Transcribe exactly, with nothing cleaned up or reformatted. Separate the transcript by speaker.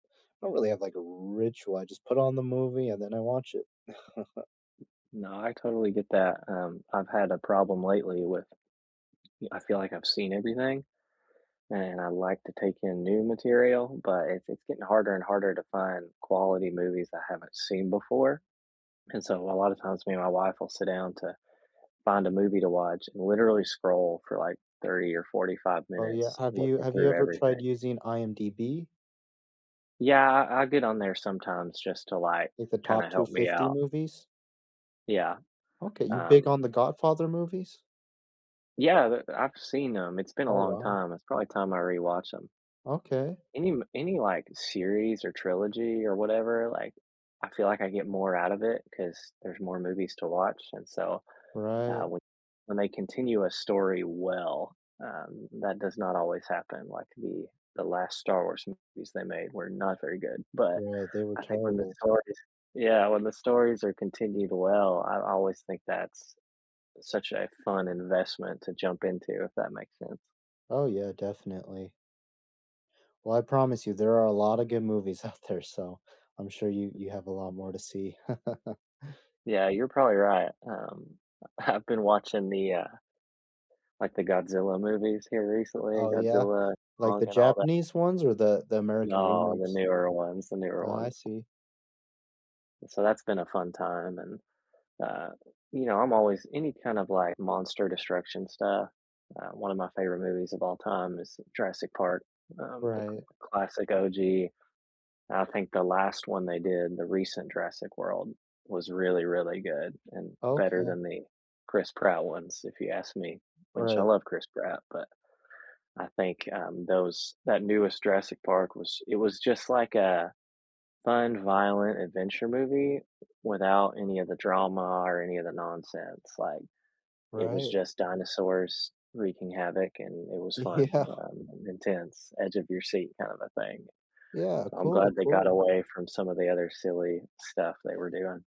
Speaker 1: I don't really have like a ritual. I just put on the movie and then I watch it.
Speaker 2: No. I totally get that. Um, I've had a problem lately with e I feel like I've seen everything, and I like to take in new material, but it's it's getting harder and harder to find quality movies I haven't seen before, and so a lot of times me and my wife will sit down to find a movie to watch, and literally scroll for, like, thirty or forty five
Speaker 1: Oh, yeah.
Speaker 2: minutes
Speaker 1: Have you
Speaker 2: looking
Speaker 1: Have you
Speaker 2: through
Speaker 1: ever
Speaker 2: everything.
Speaker 1: tried using I-M-D-B?
Speaker 2: Yeah, I I get on there sometimes just to, like,
Speaker 1: Like, the Top
Speaker 2: kinda
Speaker 1: two
Speaker 2: help me
Speaker 1: fifty
Speaker 2: out.
Speaker 1: movies?
Speaker 2: Yeah,
Speaker 1: Okay. You big
Speaker 2: um
Speaker 1: on The Godfather movies?
Speaker 2: Yeah, the the I've seen 'em. It's been a
Speaker 1: Oh,
Speaker 2: long
Speaker 1: wow.
Speaker 2: time. It's probably time I rewatched 'em.
Speaker 1: Okay.
Speaker 2: Any m any, like, series, or trilogy, or whatever, like, I feel like I get more out of it, 'cause there's more movies to watch, and so,
Speaker 1: Right.
Speaker 2: uh, when when they continue a story well, um, that does not always happen, like, the the last Star Wars movies they made were not very good. But
Speaker 1: Right. They were
Speaker 2: I think when the
Speaker 1: terrible.
Speaker 2: stories Yeah, when the stories are continued well, I always think that's such a fun investment to jump into, if that makes sense.
Speaker 1: Oh, yeah. Definitely. Well, I promise you, there are a lotta good movies out there, so I'm sure you you have a lot more to see.
Speaker 2: Yeah. You're probably right. Um, I've been watching the, uh like, the Godzilla movies here recently,
Speaker 1: Oh, yeah?
Speaker 2: Godzilla,
Speaker 1: Like, the
Speaker 2: Kong, and all that.
Speaker 1: Japanese ones or the the American
Speaker 2: No, the
Speaker 1: remakes?
Speaker 2: newer ones, the newer
Speaker 1: Ah, I
Speaker 2: ones.
Speaker 1: see.
Speaker 2: And so that's been a fun time, and, uh, you know, I'm always any kind of, like, monster destruction stuff. Uh, one of my favorite movies of all time is Jurassic Park, um, the c
Speaker 1: Right.
Speaker 2: classic O-G. I think the last one they did, the recent Jurassic World, was really, really good and better
Speaker 1: Okay.
Speaker 2: than the Chris Pratt ones, if you ask me, which I
Speaker 1: Right.
Speaker 2: love Chris Pratt, but I think, um, those that newest Jurassic Park, was it was just like a fun, violent adventure movie without any of the drama or any of the nonsense, like, it was
Speaker 1: Right.
Speaker 2: just dinosaurs wreaking havoc, and it was fun,
Speaker 1: Yeah.
Speaker 2: um, and intense, edge of your seat kinda thing.
Speaker 1: Yeah,
Speaker 2: So I'm
Speaker 1: cool,
Speaker 2: glad they got
Speaker 1: cool.
Speaker 2: away from some of the other silly stuff they were doing.